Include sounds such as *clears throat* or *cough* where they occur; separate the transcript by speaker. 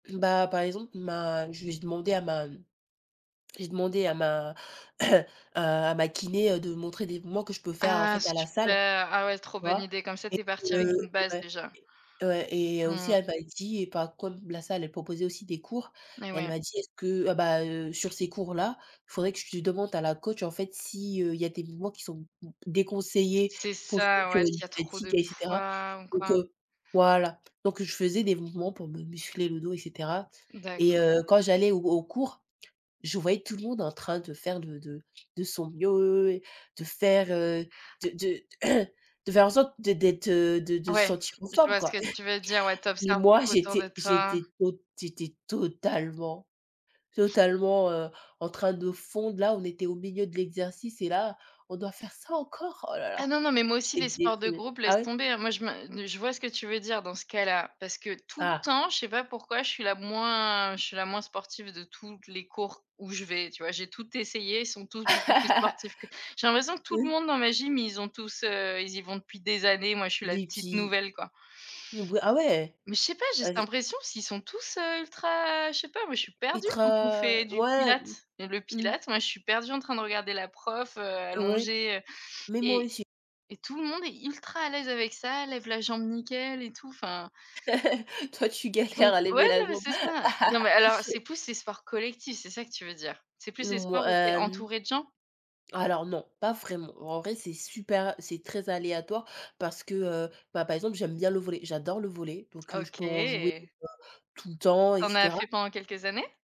Speaker 1: Bah, par exemple, ma j'ai demandé à ma, mmh, j'ai demandé à ma *clears throat* heu, à ma kiné, heu, de me montrer des mouvements que je peux faire en
Speaker 2: Ah
Speaker 1: fait à la salle.
Speaker 2: super! Ah ouais trop
Speaker 1: Tu
Speaker 2: bonne
Speaker 1: vois?
Speaker 2: idée, comme ça tu es
Speaker 1: Et
Speaker 2: partie avec une base,
Speaker 1: que ouais.
Speaker 2: déjà.
Speaker 1: Ouais et aussi,
Speaker 2: Mmh.
Speaker 1: elle m'a dit- bah comme la salle, elle proposait aussi des cours-
Speaker 2: Eh
Speaker 1: elle
Speaker 2: ouais.
Speaker 1: m'a dit: «Est-ce que, heu ah bah, heu, sur ces cours-là, il faudrait que tu demandes à la coach, en fait, si heu, il y a des mouvements qui sont déconseillés
Speaker 2: C c'est
Speaker 1: pour
Speaker 2: ça, ouais
Speaker 1: structurer une
Speaker 2: s'il y a trop
Speaker 1: sciatique
Speaker 2: de
Speaker 1: et cetera».
Speaker 2: poids ou
Speaker 1: Donc
Speaker 2: quoi.
Speaker 1: heu voilà, donc je faisais des mouvements pour me muscler le dos et cetera et
Speaker 2: D'accord.
Speaker 1: heu, quand j'allais au au cours, je voyais tout le monde en train de faire de de de son mieux, de faire, heu, de de *clears throat* de faire en sorte de d'être, heu, de de
Speaker 2: Ouais,
Speaker 1: sentir en
Speaker 2: je
Speaker 1: forme,
Speaker 2: vois ce
Speaker 1: quoi.
Speaker 2: que tu veux dire, ouais,
Speaker 1: *chuckles*
Speaker 2: tu
Speaker 1: Mais
Speaker 2: observes
Speaker 1: moi
Speaker 2: beaucoup autour de
Speaker 1: j'étais
Speaker 2: toi.
Speaker 1: j'étais tot j'étais totalement totalement, heu, en train de fondre là, on était au milieu de l'exercice et là «on doit faire ça, encore? Oh là là!»
Speaker 2: Ah non, non mais moi aussi
Speaker 1: J'étais
Speaker 2: les sports de
Speaker 1: déprimé
Speaker 2: groupe
Speaker 1: ah
Speaker 2: laisse
Speaker 1: ouais?
Speaker 2: tomber, hein, moi je me je vois ce que tu veux dire dans ce cas-là parce que tout le
Speaker 1: Voilà.
Speaker 2: temps, je sais pas pourquoi je suis la moins je suis la moins sportive de toutes les cours où je vais, tu vois? J'ai tout essayé, ils sont tous beaucoup plus
Speaker 1: *laughs*
Speaker 2: sportifs que j'ai l'impression que tout le
Speaker 1: Oui.
Speaker 2: monde dans ma gym ils ont tous heu, ils y vont depuis des années, moi je suis la
Speaker 1: Des
Speaker 2: petite
Speaker 1: petits
Speaker 2: nouvelle, quoi.
Speaker 1: nous b oui ah ouais!
Speaker 2: Mais je sais pas, j'ai cette
Speaker 1: Ave
Speaker 2: impression s'ils sont tous, heu, ultra, je sais pas, moi je suis perdue quand on
Speaker 1: Ultra
Speaker 2: fait du
Speaker 1: ouais, mmh.
Speaker 2: Pilates, heu, le
Speaker 1: Mmh.
Speaker 2: Pilates, moi je suis perdue en train de regarder la prof, heu,
Speaker 1: Ouais,
Speaker 2: allongée, heu
Speaker 1: mais moi
Speaker 2: et
Speaker 1: aussi.
Speaker 2: et tout le monde est ultra à l'aise avec ça, lève la jambe nickel et tout, enfin
Speaker 1: *laughs* Toi tu
Speaker 2: Donc
Speaker 1: galères à
Speaker 2: ouais,
Speaker 1: lever la
Speaker 2: non mais
Speaker 1: jambe.
Speaker 2: c'est ça. Non mais alors,
Speaker 1: *laughs*
Speaker 2: c'est plus les sports collectifs, c'est ça que tu veux dire? C'est plus les
Speaker 1: Mouais,
Speaker 2: sports où tu es
Speaker 1: hem.
Speaker 2: entourée de gens?
Speaker 1: Alors non, pas vraiment, en vrai c'est super c'est très aléatoire parce que, heu, bah, par exemple, j'aime bien le volley j'adore le volley donc heu, je peux en jouer
Speaker 2: OK!
Speaker 1: tout le temps et
Speaker 2: Tu en as
Speaker 1: cetera.
Speaker 2: fait pendant quelques années?